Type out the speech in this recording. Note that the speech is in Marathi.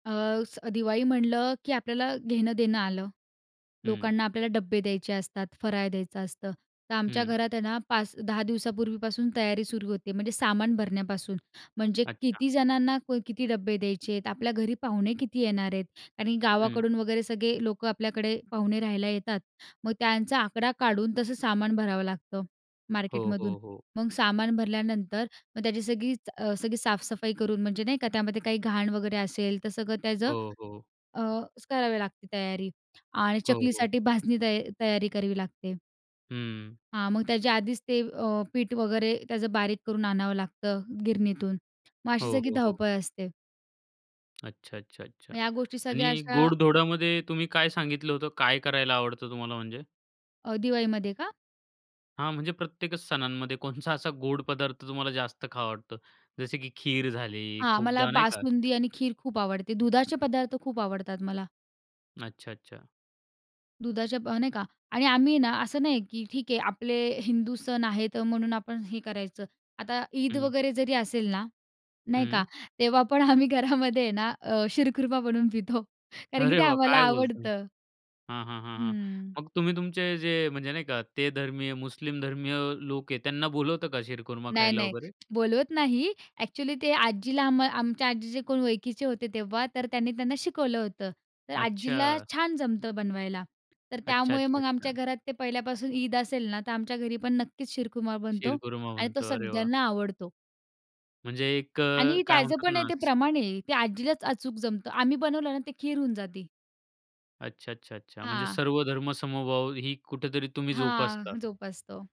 अ, स दिवाळी म्हटलं की आपल्याला घेणं-देणं आलं. हं. लोकांना आपल्याला डब्बे द्यायचे असतात, फराळ द्यायचं असतं. तर आमच्या हं. घरात आहे ना 5-10 दिवसापूर्वीपासून तयारी सुरू होते, म्हणजे सामान भरण्यापासून. म्हणजे अच्छा. किती जणांना कोई किती डब्बे द्यायचे आहेत? आपल्या घरी पाहुणे किती येणार आहेत? आणि हं. गावाकडून वगैरे सगळे लोकं आपल्याकडे पाहुणे राहायला येतात, मग त्यांचा आकडा काढून तसं सामान भरावं लागतं, हो, मार्केटमधून. हो, हो. मग सामान भरल्यानंतर मग त्याची सगळीच अ, सगळी साफ-सफाई करून म्हणजे नाही का? त्यामध्ये काही घाण वगैरे असेल तर सगळं त्याचं हो, हो. अ, करावी लागते तयारी आणि हो, हो. चकलीसाठी भाजणी तया तयारी करावी लागते. हं. हां, मग त्याच्या आधीच ते अ, पीठ वगैरे त्याचं बारीक करून आणावं लागतं गिरणीतून. मग हो, अशी सगळी हो, हो. धाव-पळ असते. अच्छा, अच्छा, अच्छा. ह्या गोष्टी सगळ्या आणि अशा गोड-धोडामध्ये तुम्ही काय सांगितलं होतं? काय करायला आवडतं तुम्हाला म्हणजे? अ, दिवाळीमध्ये का? हां, म्हणजे प्रत्येकच सणांमध्ये कोणचा असा गोड पदार्थ तुम्हाला जास्त खावा वाटतो? जसे की खीर झाली हां, मला खूपदा, नाही का? बासुंदी आणि खीर खूप आवडते. दुधाचे पदार्थ खूप आवडतात मला. अच्छा, अच्छा. दुधाच्या प नाही का? आणि आम्ही ना असं नाहीये, की ठीक आहे आपले हिंदू सण आहेत अ, म्हणून आपण हे करायचं. आता ईद हं. वगैरे जरी असेल ना, नाही का? हम्म. तेव्हा पण आम्ही घरामध्ये आहे ना अ, शीरखुर्मा बनवून पितो, कारण की अरे ते वाह! आम्हाला काय बोलताय? आवडतं. हां, हां, हां, हां. हम्म. मग तुम्ही तुमचे जे, म्हणजे नाही का ते धर्मीय, मुस्लिम धर्मीय लोक आहे त्यांना बोलवता का शीरखुर्मा नाय, खायला नाय. वगैरे? बोलवत नाही. ॲक्चुअली ते आजीला आम आमच्या आजीचे कोण ओळखीचे होते तेव्हा, तर त्यांनी त्यांना शिकवलं होतं. तर आजीला अच्छा. छान जमतं बनवायला. तर अच्छा, त्यामुळे अच्छा, मग आमच्या अच्छा. घरात ते पहिल्यापासून ईद असेल ना, तर आमच्या घरी पण नक्कीच शीरखुर्मा बनतो शीरखुर्मा आणि तो बनतो, अरे वाह! सगळ्यांना आवडतो. म्हणजे एक अ, आणि काय त्याचं म्हणतात पण आहे ना ते स प्रमाण आहे. ते आजीलाच अचूक जमतं. आम्ही बनवलं ना ते खीर होऊन जाते. अच्छा, अच्छा, अच्छा. म्हणजे हां. सर्वधर्म-समभाव ही कुठेतरी तुम्ही हां, जोपासता. जोपासतो.